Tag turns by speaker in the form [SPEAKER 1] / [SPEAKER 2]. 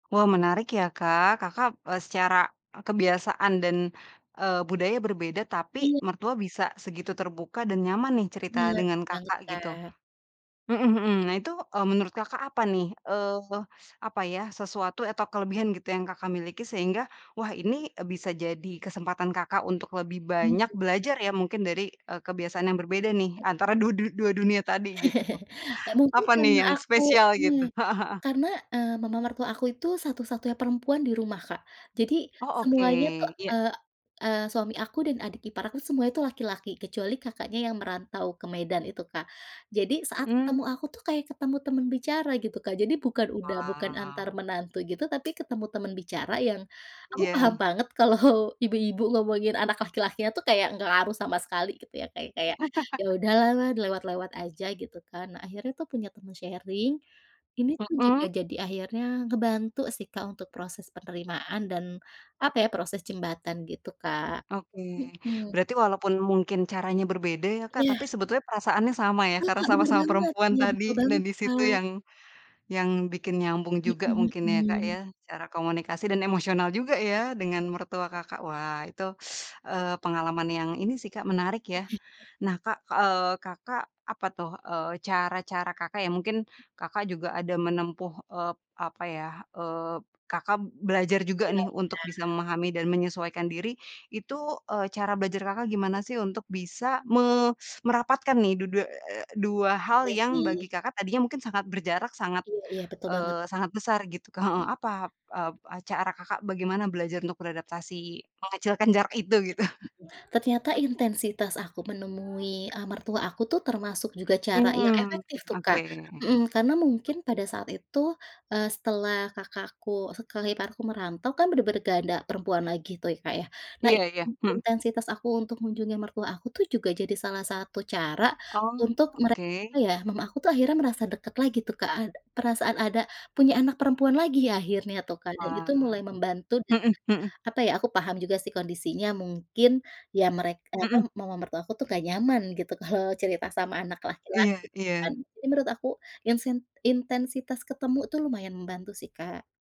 [SPEAKER 1] Wah, menarik ya, Kak. Kakak, e secara, e kebiasaan dan, eee, budaya berbeda tapi
[SPEAKER 2] Iya.
[SPEAKER 1] mertua bisa segitu terbuka dan nyaman nih cerita
[SPEAKER 2] Benar
[SPEAKER 1] dengan
[SPEAKER 2] banget,
[SPEAKER 1] Kakak, gitu.
[SPEAKER 2] Kak.
[SPEAKER 1] Mhm mhm. Nah, itu, e menurut Kakak apa nih? Eee, s apa ya, sesuatu atau kelebihan gitu yang Kakak miliki sehingga, wah, ini, e bisa jadi kesempatan Kakak untuk lebih
[SPEAKER 2] Mhm.
[SPEAKER 1] banyak belajar ya mungkin dari, e kebiasaan yang berbeda nih
[SPEAKER 2] Heeh.
[SPEAKER 1] antara du du dua dunia tadi, gitu.
[SPEAKER 2] Eee, mungkin
[SPEAKER 1] Apa
[SPEAKER 2] karena
[SPEAKER 1] nih yang
[SPEAKER 2] aku,
[SPEAKER 1] spesial gitu?
[SPEAKER 2] mmm, e
[SPEAKER 1] Heeh heeh.
[SPEAKER 2] karena, e mama mertua aku itu satu-satunya perempuan di rumah, Kak. Jadi
[SPEAKER 1] Oh, oke.
[SPEAKER 2] semuanya tuh,
[SPEAKER 1] Iya.
[SPEAKER 2] eee, eee, suami aku dan adik ipar aku semuanya itu laki-laki, kecuali kakaknya yang merantau ke Medan itu, Kak. Jadi saat ketemu
[SPEAKER 1] Mmm.
[SPEAKER 2] aku tuh kayak ketemu teman bicara, gitu, Kak, jadi bukan udah bukan antar
[SPEAKER 1] Wow.
[SPEAKER 2] menantu gitu tapi ketemu teman bicara yang aku paham
[SPEAKER 1] Iya.
[SPEAKER 2] banget kalau ibu-ibu ngomongin anak laki-lakinya tuh kayak nggak ngaruh sama sekali, gitu ya, Kak, ya. Kayak, ya udahlah lewat-lewat aja, gitu kan. Nah, akhirnya tuh punya teman sharing. Ini tuh juga
[SPEAKER 1] Mhm.
[SPEAKER 2] jadi akhirnya ngebantu sih, Kak, untuk proses penerimaan dan, apa ya, proses jembatan gitu, Kak.
[SPEAKER 1] Oke.
[SPEAKER 2] Mhm.
[SPEAKER 1] Berarti walaupun mungkin caranya berbeda ya, Kak,
[SPEAKER 2] Ya.
[SPEAKER 1] tapi sebetulnya perasaannya sama ya, karena
[SPEAKER 2] Heeh, benar
[SPEAKER 1] sama-sama
[SPEAKER 2] banget.
[SPEAKER 1] perempuan
[SPEAKER 2] Ya, betul
[SPEAKER 1] tadi dan
[SPEAKER 2] banget,
[SPEAKER 1] di situ
[SPEAKER 2] Kak.
[SPEAKER 1] yang, yang bikin nyambung juga
[SPEAKER 2] Mhm
[SPEAKER 1] mungkin ya, Kak,
[SPEAKER 2] mhm.
[SPEAKER 1] ya, cara komunikasi dan emosional juga ya dengan mertua Kakak. Wah itu, eee, pengalaman yang ini sih, Kak, menarik ya.
[SPEAKER 2] Mhm.
[SPEAKER 1] Nah, Kak, eee, Kakak, apa tuh, eee, cara-cara Kakak ya mungkin, Kakak juga ada menempuh, eee, apa ya, eee, Kakak belajar juga
[SPEAKER 2] Iya iya.
[SPEAKER 1] nih untuk bisa memahami dan menyesuaikan diri, itu, eee, cara belajar Kakak gimana sih untuk bisa me merapatkan nih du du eee, dua hal
[SPEAKER 2] Iya
[SPEAKER 1] yang bagi
[SPEAKER 2] sih.
[SPEAKER 1] Kakak tadinya mungkin sangat berjarak sangat,
[SPEAKER 2] Iya iya, betul banget.
[SPEAKER 1] eee, sangat besar gitu, Kak, heeh.
[SPEAKER 2] Mhm.
[SPEAKER 1] Apa, e cara Kakak bagaimana belajar untuk beradaptasi, mengecilkan jarak itu, gitu?
[SPEAKER 2] Mmm, mhm. Ternyata intensitas aku menemui e mertua aku tuh termasuk juga cara yang
[SPEAKER 1] Mmm,
[SPEAKER 2] efektif tuh, Kak.
[SPEAKER 1] oke.
[SPEAKER 2] Mhm, karena mungkin pada saat itu, eee, setelah kakak aku setelah iparku merantau kan benar-benar nggak ada perempuan lagi tuh ya, Kak, ya. Nah,
[SPEAKER 1] Iya iya.
[SPEAKER 2] in
[SPEAKER 1] Mhm.
[SPEAKER 2] intensitas aku untuk mengunjungi mertua aku tuh juga jadi salah satu cara
[SPEAKER 1] Oh,
[SPEAKER 2] untuk mere
[SPEAKER 1] oke.
[SPEAKER 2] apa ya, mama aku akhirnya merasa dekat lagi tuh, Kak, ad perasaan ada punya anak perempuan lagi ya akhirnya tuh, Kak, dan itu
[SPEAKER 1] Wah.
[SPEAKER 2] mulai membantu dan,
[SPEAKER 1] Mhm, mhm.
[SPEAKER 2] apa ya, aku paham juga sih kondisinya. Mungkin ya merek apa,
[SPEAKER 1] Mhm.
[SPEAKER 2] mama mertua aku tuh nggak nyaman gitu kalau cerita sama anak
[SPEAKER 1] Iya,
[SPEAKER 2] laki-laki kan.
[SPEAKER 1] iya.
[SPEAKER 2] Jadi menurut aku, insen intensitas ketemu itu lumayan membantu sih, Kak.